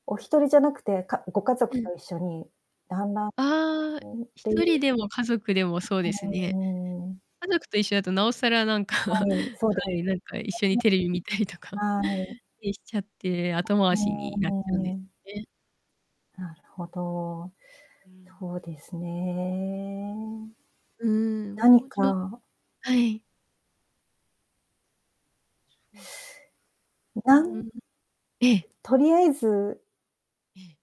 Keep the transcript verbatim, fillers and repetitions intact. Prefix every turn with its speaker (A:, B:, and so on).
A: おひとりじゃなくて、かご家
B: う
A: 族
B: ん。
A: と一緒にだんだん
B: あ
A: [unintelligible]
B: あ、
A: っ
B: ひ
A: ていう。
B: とりでも家族でもそうです
A: う
B: ね。
A: ーん。
B: 家族と一緒だとなおさらなんか、
A: は
B: は
A: い、そうです。
B: い、なんか一緒にテレビ見たりと
A: [unintelligible]
B: か
A: はい。
B: りしちゃって、後
A: う
B: 回しになっちゃうんで
A: ー
B: す
A: ん。
B: ね。
A: なるほど、
B: うん。
A: そうですね。
B: うーん、も
A: 何
B: うちょっ
A: か
B: はい。う
A: なん
B: ーん。ええ。
A: とりあえず
B: ええ。